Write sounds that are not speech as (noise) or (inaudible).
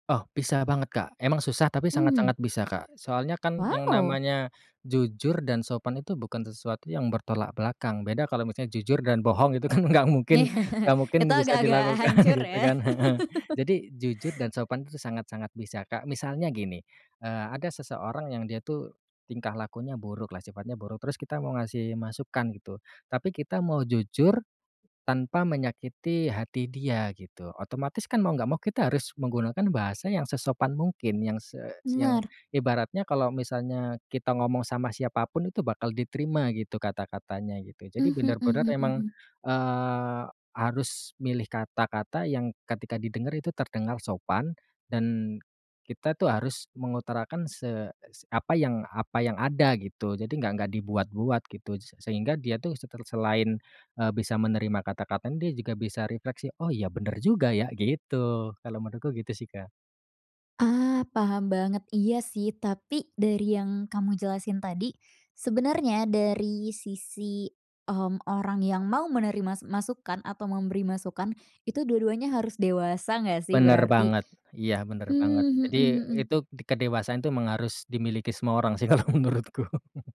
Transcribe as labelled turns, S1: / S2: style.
S1: Oh bisa banget, Kak, emang susah tapi
S2: Mmm.
S1: sangat-sangat bisa, Kak, soalnya kan yang
S2: Waw!
S1: namanya jujur dan sopan itu bukan sesuatu yang bertolak belakang beda kalau misalnya jujur dan bohong itu kan gak mungkin gak
S2: (laughs)
S1: mungkin
S2: Itu
S1: bisa
S2: agak-agak
S1: dilakukan
S2: hancur
S1: gitu
S2: ya.
S1: kan heeh,
S2: (laughs)
S1: jadi jujur dan sopan itu sangat-sangat bisa, Kak. Misalnya gini, eee, ada seseorang yang dia tuh tingkah lakunya buruk lah, sifatnya buruk terus kita mau ngasih masukan gitu, tapi kita mau jujur, tanpa menyakiti hati dia gitu, otomatis kan mau nggak mau kita harus menggunakan bahasa yang sesopan mungkin yang se yang
S2: Benar.
S1: ibaratnya kalau misalnya kita ngomong sama siapapun itu bakal diterima gitu kata-katanya gitu, jadi
S2: Mhm
S1: bener-bener
S2: mhm
S1: emang,
S2: mhm.
S1: eee, harus milih kata-kata yang ketika didengar itu terdengar sopan dan kita tuh harus mengutarakan se apa yang apa yang ada gitu, jadi enggak enggak dibuat-buat gitu, sehingga dia tuh seter selain, eee, bisa menerima kata-kata dia juga bisa refleksi, "Oh iya bener juga ya," gitu, kalau menurutku gitu sih, Kak.
S2: Ah, paham banget, iya sih, tapi dari yang kamu jelasin tadi, sebenernya dari sisi, mmm, orang yang mau menerima masukan atau memberi masukan, itu dua-duanya harus dewasa gak sih
S1: Bener
S2: berarti?
S1: banget, iya bener banget.
S2: Mmm,
S1: Jadi
S2: mhm mhm.
S1: itu, kedewasaan itu memang harus dimiliki semua orang sih kalau menurutku. (chuckles)